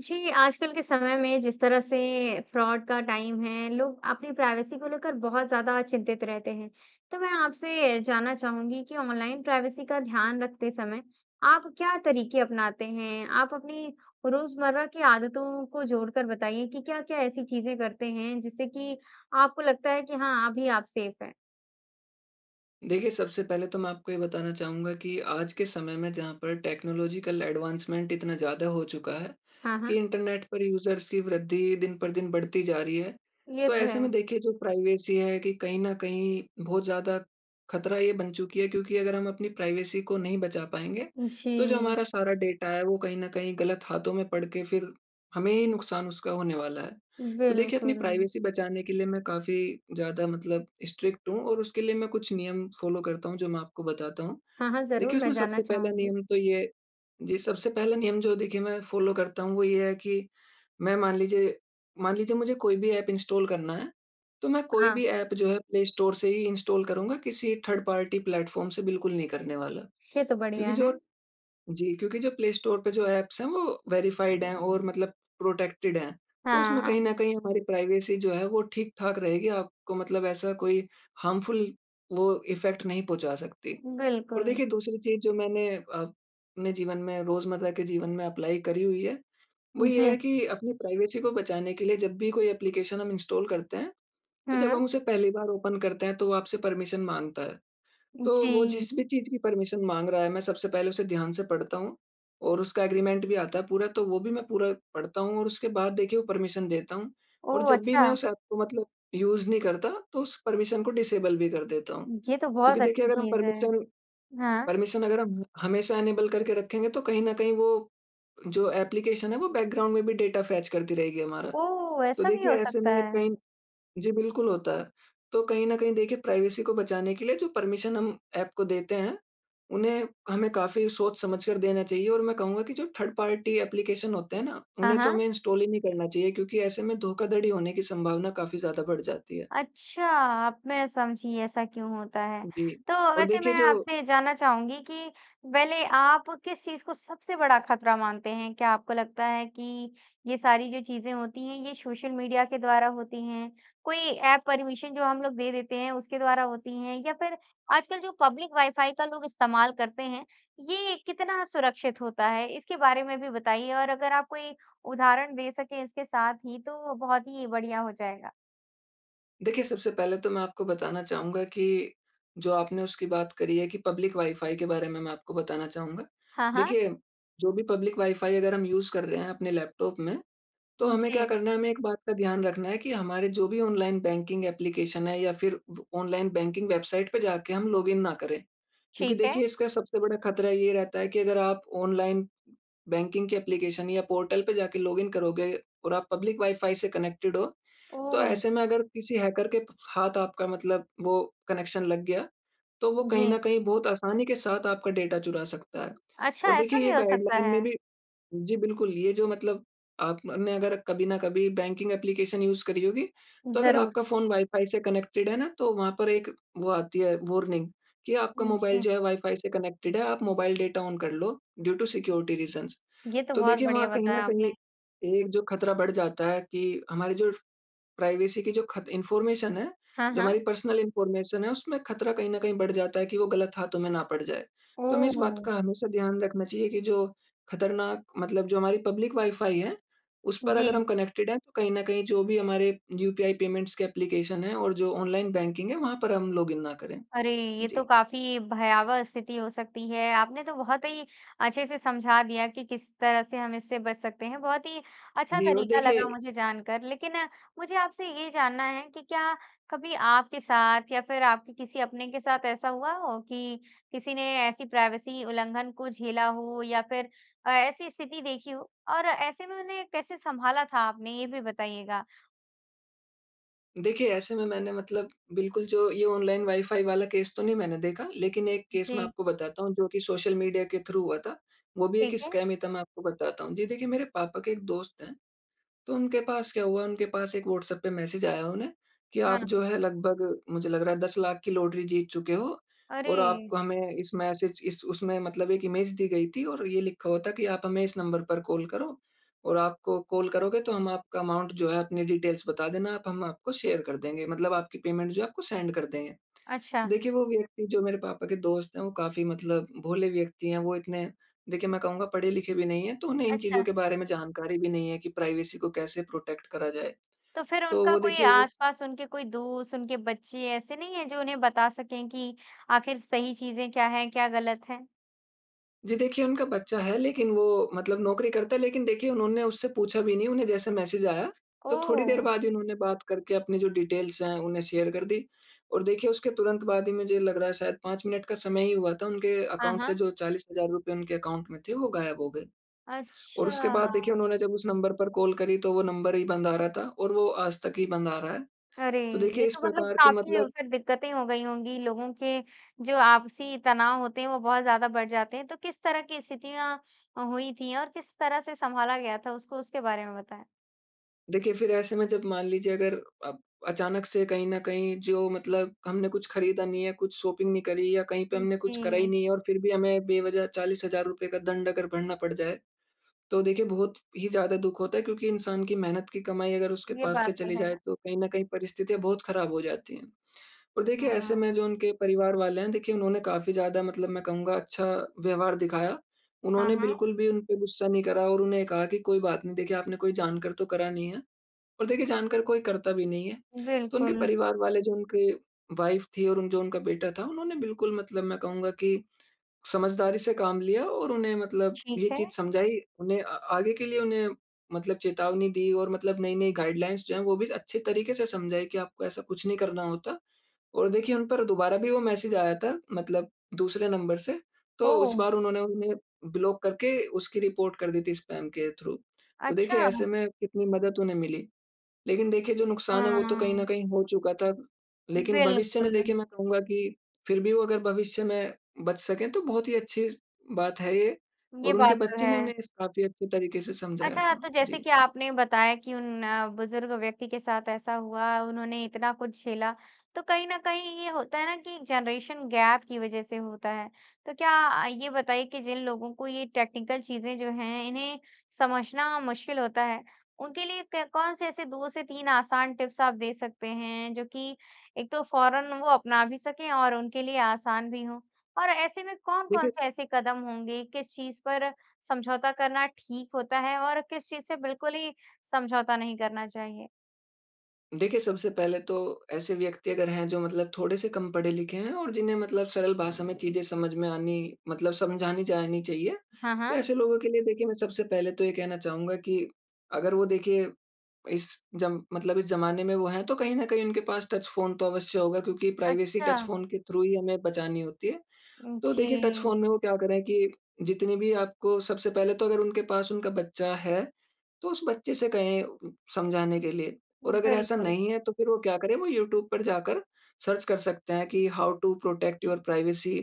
जी, आजकल के समय में जिस तरह से फ्रॉड का टाइम है, लोग अपनी प्राइवेसी को लेकर बहुत ज़्यादा चिंतित रहते हैं। तो मैं आपसे जानना चाहूँगी कि ऑनलाइन प्राइवेसी का ध्यान रखते समय आप क्या तरीके अपनाते हैं? आप अपनी रोज़मर्रा की आदतों को जोड़कर बताइए कि क्या-क्या ऐसी चीज़ें करते हैं, जिससे कि आपको लगता है कि हाँ, अभी आप सेफ़ हैं। देखिए, सबसे पहले तो मैं आपको ये बताना चाहूँगा कि आज के समय में जहाँ पर टेक्नोलॉजिकल एडवांसमेंट इतना ज़्यादा हो चुका है हाँ, हाँ। कि इंटरनेट पर यूज़र्स की वृद्धि दिन पर दिन बढ़ती जा रही है। ये तो तो ऐसे में है। देखिए, जो प्राइवेसी है कि कहीं न कहीं बहुत ज़्यादा खतरा ये बन चुकी है क्योंकि अगर हम अपनी प्राइवेसी को नहीं बचा पाएँगे, तो जो जी। हमारा सारा डेटा है, वो कहीं न कहीं गलत हाथों में पड़ के फिर हमें ही नुकसान उसका होने वाला है। तो देखिए, अपनी बिल्कुल। प्राइवेसी बचाने के लिए मैं काफ़ी ज़्यादा मतलब स्ट्रिक्ट हूँ, और उसके लिए मैं कुछ नियम फॉलो करता हूँ जो मैं आपको बताता हूँ। हाँ, हाँ, ज़रूर। देखिए, मैं उसमें जानना सबसे पहला चाहूँगी। नियम तो ये जी। सबसे पहला नियम जो देखिए मैं फॉलो करता हूँ, वो ये है कि मैं मान लीजिए मान लीजिए मुझे कोई भी ऐप इंस्टॉल करना है, तो मैं कोई हाँ। भी ऐप जो है प्लेस्टोर से ही इंस्टॉल करूँगा, किसी थर्ड-पार्टी प्लेटफॉर्म से बिल्कुल नहीं करने वाला। ये तो क्योंकि बढ़िया जो है। जी क्योंकि जो प्लेस्टोर पे जो ऐप्स हैं, वो वेरिफाइड हैं और मतलब प्रोटेक्टेड हैं। तो उसमें कहीं हाँ। न कहीं हमारी प्राइवेसी जो है वो ठीक-ठाक रहेगी, आपको मतलब ऐसा कोई हार्मफुल वो इफेक्ट नहीं पहुँचा सकती। और बिल्कुल। देखिए, दूसरी चीज़ जो मैंने अपने जीवन में, रोज़मर्रा के जीवन में अप्लाई करी हुई है, वो ये है जी। कि अपनी प्राइवेसी को बचाने के लिए जब भी कोई ऐप्लीकेशन हम इंस्टॉल करते हैं, तो जब हुँ। हम उसे पहली बार ओपन करते हैं, तो वो आपसे परमिशन माँगता है। तो वो जी। जिस भी चीज़ की परमिशन माँग रहा है, मैं सबसे पहले उसे ध्यान से पढ़ता हूँ, और उसका एग्रीमेंट भी आता है पूरा, तो वो भी मैं पूरा पढ़ता हूँ और उसके बाद देखिए वो परमिशन देता हूँ। और ओह, जब भी मैं अच्छा! उस ऐप को मतलब यूज़ नहीं करता, तो उस परमिशन को डिसेबल भी कर देता हूँ। ये तो बहुत क्योंकि देखिए अच्छी अगर हम चीज़ है। परमिशन, हाँ। परमिशन अगर हम हमेशा इनेबल करके रखेंगे, तो कहीं न कहीं वो जो ऐप्लीकेशन है, वो बैकग्राउंड में भी डेटा फेच करती रहेगी हमारा। ओह! तो ऐसा भी देखिए, हो ऐसे सकता में है। कहीं जी, बिल्कुल होता है। तो कहीं न कहीं देखिए, प्राइवेसी को बचाने के लिए जो परमिशन हम ऐप को देते हैं, उन्हें हमें काफ़ी सोच समझ कर देना चाहिए। और मैं कहूँगा की जो थर्ड-पार्टी ऐप्लीकेशन होते हैं ना, हाँ, उन्हें तो हाँ। हमें इंस्टॉल ही नहीं करना चाहिए क्योंकि ऐसे में धोखाधड़ी होने की संभावना काफ़ी ज़्यादा बढ़ जाती है। अच्छा, अब मैं समझी ऐसा क्यों होता है। जी। तो और वैसे देखिए मैं जो आपसे ये जानना चाहूँगी कि पहले आप किस चीज़ को सबसे बड़ा खतरा मानते हैं? क्या आपको लगता है कि ये सारी जो चीज़ें होती हैं, ये सोशल मीडिया के द्वारा होती हैं, कोई ऐप परमिशन जो हम लोग दे देते हैं उसके द्वारा होती हैं, या फिर आजकल जो पब्लिक वाईफाई का लोग इस्तेमाल करते हैं, ये कितना सुरक्षित होता है? इसके बारे में भी बताइए और अगर आप कोई उदहारण दे सकें इसके साथ ही, तो वो बहुत ही बढ़िया हो जाएगा। देखिए, सबसे पहले तो मैं आपको बताना चाहूँगा, कि जो आपने उसकी बात करी है कि पब्लिक वाई-फ़ाई के बारे में मैं आपको बताना चाहूँगा। हाँ, हाँ। देखिए जो भी पब्लिक वाइ-फ़ाई अगर हम यूज़ कर रहे हैं अपने लैपटॉप में तो उ, हमें क्या जी। करना है हमें एक बात का ध्यान रखना है, कि हमारे जो भी ऑनलाइन बैंकिंग ऐप्लीकेशन है या फ़िर व ऑनलाइन बैंकिंग वेबसाइट पे जाके हम लॉगिन ना करें। क्योंकि ठीक है। देखिए इसका सबसे बड़ा ख़तरा ये रहता है कि अगर आप ऑनलाइन बैंकिंग के ऐप्लीकेशन या पोर्टल पे जाके लॉगिन करोगे और आप पब्लिक वाइ-फ़ाई से कनेक्टेड हो तो ओह! ऐसे में अगर किसी हैकर के हाथ आपका मतलब वो कनेक्शन लग गया तो वो कहीं न जी। कहीं बहुत आसानी के साथ आपका डेटा चुरा सकता है। अच्छा और ऐसा देखिए ये भी हो सकता गाइडलाइन में है। भी जी। बिल्कुल ये जो मतलब आपने अगर कभी न कभी बैंकिंग ऐप्लीकेशन यूज़ करी होगी तो अगर ज़रूर। आपका फ़ोन वाइ-फ़ाई से कनेक्टेड है ना तो वहाँ पर एक वो आती है वार्निंग कि आपका मोबाइल जी। जो है वाइ-फ़ाई से कनेक्टेड है आप मोबाइल डेटा ऑन कर लो ड्यू टु सिक्योरिटी रीज़न्स। ये तो तो बहुत देखिए वहाँ बढ़िया कहीं न बताया कहीं आपने। एक जो ख़तरा बढ़ जाता है कि हमारी जो प्राइवेसी की जो खत इन्फ़ॉर्मेशन है, हाँ, जो हाँ। हमारी पर्सनल इन्फ़ॉर्मेशन है उसमें ख़तरा कहीं न कहीं बढ़ जाता है कि वो गलत हाथों में ना पड़ जाए। तो हमें ओह इस बात हो! का हमेशा ध्यान रखना चाहिए कि जो ख़तरनाक मतलब जो हमारी पब्लिक वाइ-फ़ाई है उस पर अगर जी। हम कनेक्टेड है तो कहीं न कहीं जो भी हमारे यूपीआई पेमेंट्स के ऐप्लीकेशन है और जो ऑनलाइन बैंकिंग है वहाँ पर हम लॉगिन ना करें। अरे! ये तो जी। काफ़ी भयावह स्थिति हो सकती है। आपने तो बहुत ही अच्छे से समझा दिया कि, किस तरह से हम इससे बच सकते हैं। बहुत ही अच्छा जी। और तरीका लगा देखिए मुझे जानकर लेकिन मुझे आपसे ये जानना है कि क्या कभी आपके साथ या फ़िर आपके किसी अपने के साथ ऐसा हुआ हो कि किसी ने ऐसी प्राइवेसी उल्लंघन को झेला हो या फ़िर अ, ऐसी स्थिति देखी हो? और ऐसे में उन्हें कैसे संभाला था आपने? ये भी बताइएगा। देखिए ऐसे में मैंने मतलब, बिल्कुल जो ये ऑनलाइन वाई फ़ाई वाला केस तो नहीं मैंने देखा लेकिन 1 केस मैं जी। आपको बताता हूँ जो की सोशल मीडिया के थ्रू हुआ था। वो भी एक ठीक है। स्कैम ही था मैं आपको बताता हूँ। जी देखिए मेरे पापा के एक दोस्त हैं, तो उनके पास क्या हुआ उनके पास 1 व्हाट्सएप पे मैसेज आया उन्हें, कि आप हाँ। जो है लगभग, मुझे लग रहा है 10 लाख की लॉटरी जीत चुके हो, और आप अरे! हमें इस मैसेज इस उसमें मतलब 1 इमेज दी गई थी और ये लिखा हुआ था कि आप हमें इस नंबर पर कॉल करो, और आपको कॉल करोगे तो हम आपका अमाउंट जो है अपनी डिटेल्स बता देना आप हम आपको शेयर कर देंगे, मतलब आपकी पेमेंट जो है आपको सेंड कर देंगे। तो अच्छा। देखिए वो व्यक्ति जो मेरे पापा के दोस्त हैं वो काफ़ी मतलब भोले व्यक्ति हैं, वो इतने, देखिए मैं कहूँगा पढ़े-लिखे भी नहीं हैं, तो उन्हें इन चीज़ों अच्छा। के बारे में जानकारी भी नहीं है कि प्राइवेसी को कैसे प्रोटेक्ट करा जाए। तो फिर तो उनका वो कोई देखिए वो स आसपास, उनके कोई दोस्त, उनके बच्चे ऐसे नहीं है जो उन्हें बता सकें कि आखिर सही चीज़ें क्या है, क्या गलत हैं। जी देखिए उनका बच्चा है लेकिन वो मतलब नौकरी करता है लेकिन देखिए उन्होंने उससे पूछा भी नहीं, उन्हें जैसे मैसेज आया। तो थोड़ी देर ओह! बाद ही उन्होंने बात करके अपनी जो डिटेल्स हैं उन्हें शेयर कर दी। और देखिए उसके तुरंत बाद ही मुझे लग रहा है शायद 5 मिनट का समय ही हुआ था उनके हाँ, अकाउंट से हाँ। जो ₹40,000 उनके अकाउंट में थे वो गायब हो गए। और उसके बाद देखिए अच्छा। उन्होंने जब उस नंबर पर कॉल करी तो वो नंबर ही बंद आ रहा था, और वो आज तक ही बंद आ रहा है। अरे, तो देखिए ये इस तो मतलब प्रकार के काफ़ी मतलब उसे दिक्कतें हो गई होंगी। लोगों के जो आपसी तनाव होते हैं वो बहुत ज़्यादा बढ़ जाते हैं, तो किस तरह की स्थितियाँ हुई थी और किस तरह से संभाला गया था उसको उसके बारे में बताएँ? देखिए, फिर ऐसे में जब मान लीजिए अगर आप अचानक से कहीं न कहीं जो मतलब हमने कुछ खरीदा नहीं है कुछ शॉपिंग नहीं करी या कहीं पे हमने कुछ करा ही जी। नहीं है और फिर भी हमें बेवजह ₹40,000 का दंड अगर भरना पड़ जाए, तो देखिए बहुत ही ज़्यादा दुख होता है। क्योंकि इंसान की मेहनत की कमाई अगर उसके ये पास से बात तो चली जाए है। तो कहीं न कहीं परिस्थितियाँ बहुत खराब हो जाती हैं। और देखिए ऐसे में हम्म। जो उनके परिवार वाले हैं देखिए उन्होंने काफ़ी ज़्यादा मतलब मैं कहूँगा अच्छा व्यवहार दिखाया। हुँ, उन्होंने हुँ। बिल्कुल भी उनपे गुस्सा नहीं करा और उन्हें कहा कि कोई बात नहीं देखिए आपने कोई जानकर तो करा नहीं है। और देखिए जानकर कोई करता भी नहीं है। तो उनके बिल्कुल। परिवार वाले जो उनके वाइफ थी और उन जो उनका बेटा था उन्होंने बिल्कुल मतलब मैं कहूँगा कि समझदारी से काम लिया और उन्हें मतलब ये ठीक है। चीज़ समझाई। उन्हें अ, आगे के लिए उन्हें मतलब चेतावनी दी और मतलब नई-नई गाइडलाइंस जो हैं वो भी अच्छे तरीके से समझाई कि आपको ऐसा कुछ नहीं करना होता। और देखिए उन पर दोबारा भी वो मैसेज आया था, मतलब दूसरे नंबर से। तो उस ओह! बार उन्होंने उन्हें ब्लॉक करके उसकी रिपोर्ट कर दी थी स्पैम के थ्रू। तो देखिए अच्छा। ऐसे में कितनी मदद उन्हें मिली। लेकिन देखिए जो नुकसान है वो तो कहीं न हाँ। कहीं हो चुका था। लेकिन भविष्य में बिल्कुल। देखिए मैं कहूँगा कि, फिर भी वो अगर भविष्य में बच सके तो बहुत ही अच्छी स बात है ये। ये और उनके बात तो बच्चे ने है। उन्हें इस काफ़ी अच्छे तरीके से समझाया अच्छा, था। तो जैसे जी। कि आपने बताया कि उन बुज़ुर्ग व्यक्ति के साथ ऐसा हुआ, उन्होंने इतना कुछ झेला। तो कहीं न कहीं ये होता है ना कि जनरेशन गैप की वजह से होता है। तो क्या ये बताइए कि जिन लोगों को ये टेक्निकल चीज़ें जो हैं इन्हें समझना मुश्किल होता है, उनके लिए क कौन-से ऐसे 2 से 3 आसान टिप्स आप दे सकते हैं जो कि, एक तो फौरन वो अपना भी सकें और उनके लिए आसान भी हो? और ऐसे में कौन-कौन देखिए च से ऐसे कदम होंगे? किस चीज़ पर समझौता करना ठीक होता है? और किस चीज़ से बिल्कुल ही समझौता नहीं करना चाहिए? देखिए, सबसे पहले तो ऐसे व्यक्ति अगर हैं जो मतलब थोड़े से कम पढ़े लिखे हैं और जिन्हें मतलब सरल भाषा में चीज़ें समझ में आनी मतलब समझानी जानी चाहिए। हाँ, तो हाँ। ऐसे लोगों के लिए देखिए मैं सबसे पहले तो ये कहना चाहूँगा कि अगर वो देखिए इस जम मतलब इस ज़माने में वो हैं तो कहीं न कहीं उनके पास टच फ़ोन तो अवश्य होगा क्योंकि प्राइवेसी, टच अच्छा। फ़ोन के थ्रू ही हमें बचानी होती है। उम, तो देखिए टच जी। फ़ोन में वो क्या करें कि जितने भी आपको सबसे पहले तो अगर उनके पास उनका बच्चा है, तो उस बच्चे से कहें समझाने के लिए। और अगर ऐसा बिल्कुल। नहीं है तो फिर वो क्या करे? वो यूट्यूब पर जाकर सर्च कर सकते हैं की how to protect your privacy?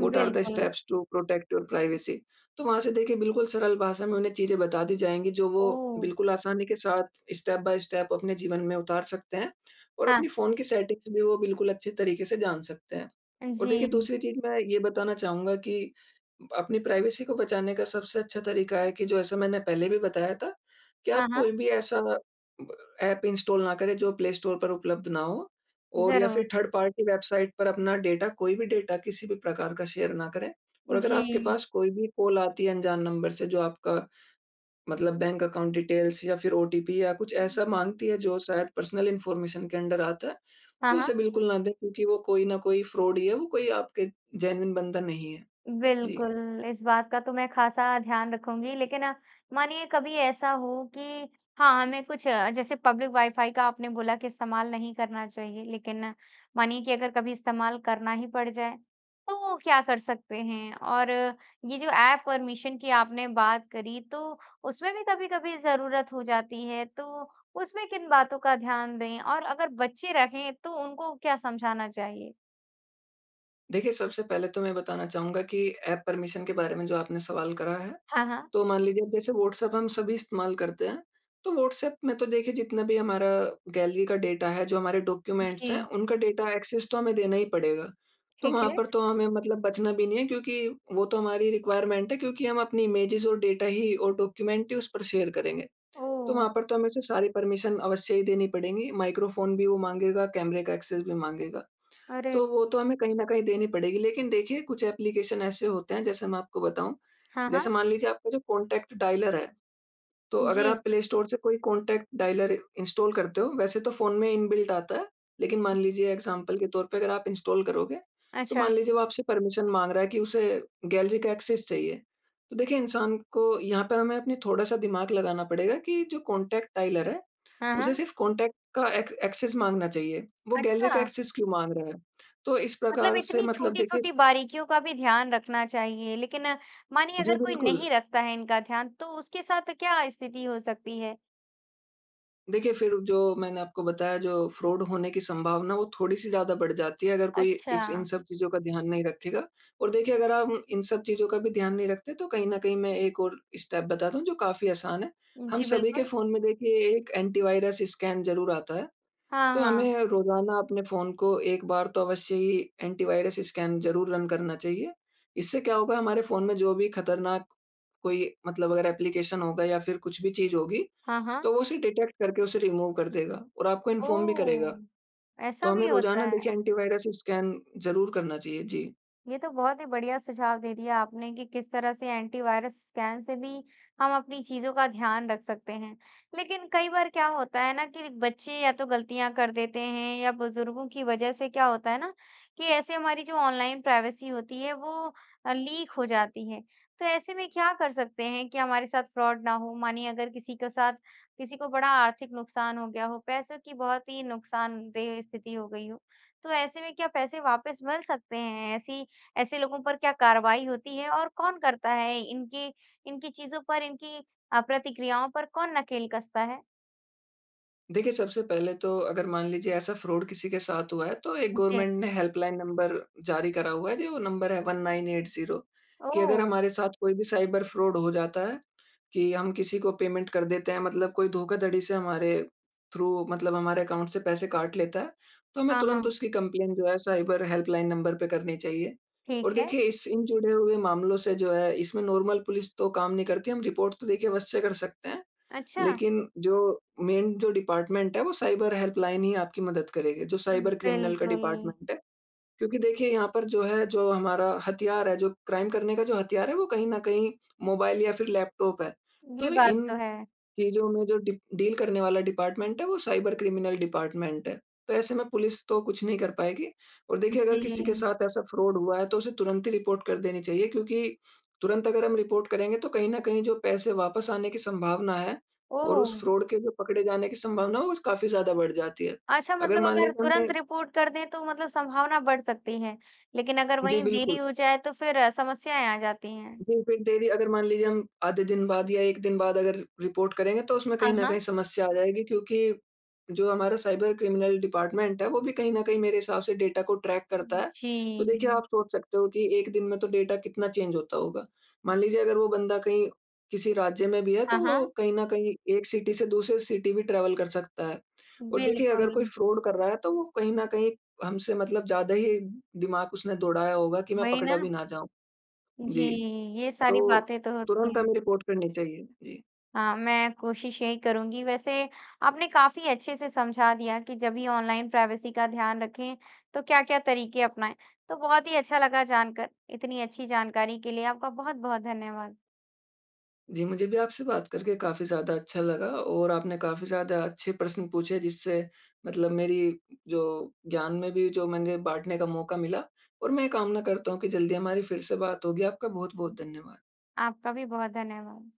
What are the steps to protect your privacy? तो वहाँ से देखिए बिल्कुल सरल भाषा में उन्हें चीज़ें बता दी जाएँगी जो वो ओह! बिल्कुल आसानी के साथ स्टेप बाई स्टेप अपने जीवन में उतार सकते हैं। और हाँ। अपनी फ़ोन की सेटिंग्स भी वो बिल्कुल अच्छे तरीके से जान सकते हैं। अ, और देखिए जी। दूसरी चीज़ मैं ये बताना चाहूँगा कि अपनी प्राइवेसी को बचाने का सबसे अच्छा तरीका है कि जो ऐसा मैंने पहले भी बताया था फ़ोन कि हाँ, आप हाँ। कोई भी ऐसा ब एप इंस्टॉल ना करे जो प्ले स्टोर पर उपलब्ध ना हो। और या ज़रूर। फिर थर्ड पार्टी वेबसाइट पर अपना डाटा कोई भी डाटा किसी भी प्रकार का शेयर ना करें। और अगर आपके जी। पास कोई भी कॉल आती है अनजान नंबर से जो आपका, मतलब बैंक अकाउंट डिटेल्स या फिर ओटीपी या कुछ ऐसा माँगती है जो शायद पर्सनल इन्फॉर्मेशन के अंडर आता है। हाँ, तो हाँ। उसे बिल्कुल ना दे क्योंकि वो कोई ना कोई फ्रॉड ही है। वो कोई आपके जेनुइन बंदा नहीं है। जी। बिल्कुल, इस बात का तो मैं ख़ासा ध्यान रखूँगी। लेकिन मानिए कभी ऐसा हो कि हाँ, हमें कुछ जैसे पब्लिक वाईफाई का आपने बोला कि इस्तेमाल नहीं करना चाहिए। लेकिन मानिए कि अगर कभी इस्तेमाल करना ही पड़ जाए, तो क्या कर सकते हैं? और ये जो एप परमिशन की आपने बात करी तो उसमें भी कभी-कभी ज़रूरत हो जाती है तो उसमें किन बातों का ध्यान दें? और अगर बच्चे रहें तो उनको क्या समझाना चाहिए? देखिए, सबसे पहले तो मैं बताना चाहूँगा कि ऐप परमिशन के बारे में जो आपने सवाल करा है। हाँ, हाँ। तो मान लीजिए अब जैसे व्हाट्सऐप हम सभी इस्तेमाल करते हैं, तो व्हाट्सऐप में तो देखिए जितना भी हमारा गैलरी का डेटा है जो हमारे डॉक्यूमेंट्स हैं जी। उनका डेटा एक्सेस तो हमें देना ही पड़ेगा। तो ठीक वहाँ है। पर तो हमें मतलब बचना भी नहीं है क्योंकि, वो तो हमारी रिक्वायरमेंट है क्योंकि हम अपनी इमेजेस और डेटा ही और डॉक्यूमेंट ही उस पर शेयर करेंगे। तो ओह! वहाँ पर तो हमें सारी परमिशन अवश्य ही देनी पड़ेगी। माइक्रोफ़ोन भी वो माँगेगा, कैमरे का एक्सेस भी माँगेगा। अरे! तो वो तो हमें कहीं न कहीं देनी पड़ेगी लेकिन देखिए कुछ एप्लीकेशन ऐसे होते हैं जैसे मैं आपको बताऊँ। हाँ, जैसे हाँ। मान लीजिए आपका जो कॉन्टैक्ट डायलर है, तो अगर जी। आप प्ले स्टोर से कोई कॉन्टैक्ट डायलर इंस्टॉल करते हो वैसे तो फ़ोन में इनबिल्ट आता है। लेकिन मान लीजिए एग्ज़ाम्पल के तौर पे अगर आप इंस्टॉल करोगे, तो अच्छा। मान लीजिए वो आपसे परमिशन माँग रहा है कि उसे गैलरी का एक्सेस चाहिए। तो देखिए इंसान को यहाँ पे हमें अपने थोड़ा-सा दिमाग लगाना पड़ेगा कि जो कॉन्टैक्ट डायलर है, हाँ, उसे हाँ। सिर्फ कॉन्टैक्ट का एक एक्सेस माँगना चाहिए, वो गैलरी का अच्छा। एक्सेस क्यों माँग रहा है? तो इस मतलब प्रकार से इतनी मतलब देखिए छोटी-छोटी बारीकियों का भी ध्यान रखना चाहिए। लेकिन, मानिए जी, अगर कोई बिल्कुल। नहीं रखता है इनका ध्यान, तो उसके साथ क्या स्थिति हो सकती है? देखिए, फिर जो मैंने आपको बताया जो फ्रॉड होने की संभावना वो थोड़ी-सी ज़्यादा बढ़ जाती है अगर कोई इस इन अच्छा। सब चीज़ों का ध्यान नहीं रखेगा। और देखिए अगर आप इन सब चीज़ों का भी ध्यान नहीं रखते तो कहीं न कहीं मैं एक और स्टेप बता दूँ जो काफ़ी आसान है। हम जी, सभी के बिल्कुल। फ़ोन में देखिए एक एंटी वायरस स्कैन ज़रूर आता है। हाँ, तो हाँ। हमें रोज़ाना अपने फ़ोन को एक बार तो अवश्य ही एंटी वायरस स्कैन ज़रूर रन करना चाहिए। इससे क्या होगा हमारे फ़ोन में जो भी ख़तरनाक कोई मतलब अगर एप्लीकेशन होगा या फिर कुछ भी चीज़ होगी हाँ, हाँ। तो वो उसे डिटेक्ट करके उसे रिमूव कर देगा, और आपको इन्फॉर्म भी करेगा। ओह! तो ऐसा भी हमें होता रोज़ाना है? देखिए एंटी वायरस स्कैन ज़रूर करना चाहिए। जी। ये तो बहुत ही बढ़िया सुझाव दे दिया आपने कि किस तरह से एंटी वायरस स्कैन से भी हम अपनी चीज़ों का ध्यान रख सकते हैं। लेकिन कई बार क्या होता है ना कि बच्चे या तो ग़लतियाँ कर देते हैं या बुज़ुर्गों की वजह से क्या होता है ना कि ऐसे हमारी जो ऑनलाइन प्राइवेसी होती है वो अ, लीक हो जाती है। तो ऐसे में क्या कर सकते हैं कि हमारे साथ फ्रॉड ना हो? मानिए अगर किसी के साथ किसी को बड़ा आर्थिक नुकसान हो गया हो, पैसों की बहुत ही नुकसानदेह स्थिति हो गई हो तो ऐसे में क्या पैसे वापस मिल सकते हैं? ऐसी ऐसे लोगों पर क्या कार्रवाई होती है? और कौन करता है इनके इनकी चीज़ों पर, इनकी अ, प्रतिक्रियाओं पर कौन नकेल कसता है? देखिए सबसे पहले तो अगर मान लीजिए ऐसा फ़्रॉड किसी के साथ हुआ है तो एक जी। गवर्नमेंट ने हेल्पलाइन नंबर जारी करा हुआ है, जी वो नंबर है 1980 कि अगर ओह! हमारे साथ कोई भी साइबर फ़्रॉड हो जाता है कि हम किसी को पेमेंट कर देते हैं मतलब कोई धोखाधड़ी से हमारे थ्रू मतलब हमारे अकाउंट से पैसे काट लेता है, तो हमें हाँ, तुरंत हाँ। उसकी कंप्लेन जो है साइबर हेल्पलाइन नंबर पे करनी चाहिए। ठीक और है। देखिए इस इन जुड़े हुए मामलों से जो है इसमें नॉर्मल पुलिस तो काम नहीं करती, हम रिपोर्ट तो देखिए अवश्य कर सकते हैं। अच्छा। लेकिन, जो मेन जो डिपार्टमेंट है, वो साइबर हेल्पलाइन ही आपकी मदद करेगा, जो साइबर क्रिमिनल का बिल्कुल। डिपार्टमेंट है। क्योंकि देखिए यहाँ पर जो है जो हमारा हथियार है, जो क्राइम करने का जो हथियार है वो कहीं न कहीं मोबाइल या फिर लैपटॉप है। ये तो बात इन तो है। चीजों में जो डी डील करने वाला डिपार्टमेंट है वो साइबर क्रिमिनल डिपार्टमेंट है। तो ऐसे में पुलिस तो कुछ नहीं कर पाएगी, और देखिए अगर किसी के जी। साथ ऐसा फ़्रॉड हुआ है तो, उसे तुरंत ही रिपोर्ट कर देनी चाहिए क्योंकि, तुरंत अगर हम रिपोर्ट करेंगे तो कहीं न कहीं जो पैसे वापस आने की संभावना है और उस ओह! फ़्रॉड के जो पकड़े जाने की संभावना है, वो काफ़ी ज़्यादा बढ़ जाती है। अच्छा अगर मतलब मान अगर लीजिए हमने तुरंत रिपोर्ट कर दें, तो मतलब संभावना बढ़ सकती है। लेकिन अगर जी वहीं देरी बिल्कुल। हो जाए तो फिर समस्याएँ आ जाती हैं। जी फिर, डेली अगर मान लीजिए हम आधे दिन बाद या 1 दिन बाद अगर रिपोर्ट करेंगे तो उसमें अ, कहीं न कहीं हाँ। समस्या आ जाएगी क्योंकि, जो हमारा साइबर क्रिमिनल डिपार्टमेंट है वो भी कहीं न कहीं मेरे हिसाब से डाटा को ट्रैक करता उम, है। तो देखिए जी। आप सोच सकते हो कि एक दिन में तो डाटा कितना चेंज होता होगा। मान लीजिए अगर वो बंदा कहीं किसी राज्य में भी है, तो हाँ, वो हाँ। कहीं न कहीं एक सिटी से दूसरे सिटी भी ट्रैवल कर सकता है। और देखिए अगर कोई बिल्कुल। फ़्रॉड कर रहा है तो वो कहीं ना कहीं हमसे मतलब ज़्यादा ही दिमाग उसने दौड़ाया होगा, कि मैं वही पकड़ा भी ना। ना जाऊँ। जी। जी। ये सारी तो, बातें तो होती तुरंत हैं। हमें रिपोर्ट करनी चाहिए। जी। हाँ। मैं कोशिश यही करूँगी। वैसे आपने काफ़ी अच्छे से समझा दिया कि जब भी ऑनलाइन प्राइवेसी का ध्यान रखें, तो क्या-क्या तरीके अपनाएँ। तो बहुत ही अच्छा लगा जानकर इतनी अच्छी जानकारी के लिए आपका बहुत-बहुत धन्यवाद। जी मुझे भी आपसे बात करके काफी ज़्यादा अच्छा लगा और आपने काफी ज़्यादा अच्छे प्रश्न पूछे जिससे मतलब मेरी जो ज्ञान में भी जो मैंने बाँटने का मौका मिला और मैं ये कामना करता हूँ कि जल्दी हमारी फिर से बात होगी आपका बहुत-बहुत धन्यवाद। आपका भी बहुत धन्यवाद।